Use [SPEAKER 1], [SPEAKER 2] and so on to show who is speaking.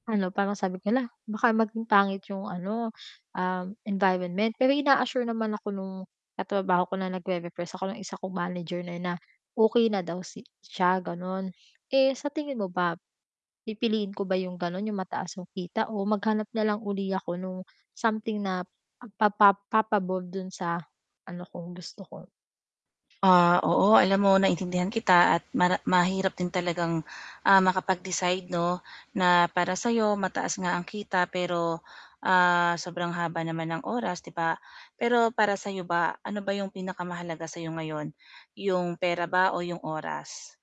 [SPEAKER 1] Ano, parang sabi ko, "Hala, baka maging pangit 'yong ano, um, environment," pero ina-assure naman ako nung katrabaho ko na nag-re-repress ako ng isa kong manager na na, okey na daw si siya gano'n. Eh sa tingin mo ba pipiliin ko ba 'yong gano'n 'yong mataas yung kita o maghanap na lang uli ako nung something na papa papabor do'n sa ano ko, gusto ko?
[SPEAKER 2] Ah, oo alam mo naintindihan kita at mara mahirap din talagang, ah, makapag-decide 'no, na para sa'yo mataas nga ang kita pero, ah, sobrang haba naman ng oras 'di ba? Pero para sa 'yo ba ano ba 'yong pinakamahalaga sa 'yo ngayon, 'yong pera ba o 'yong oras?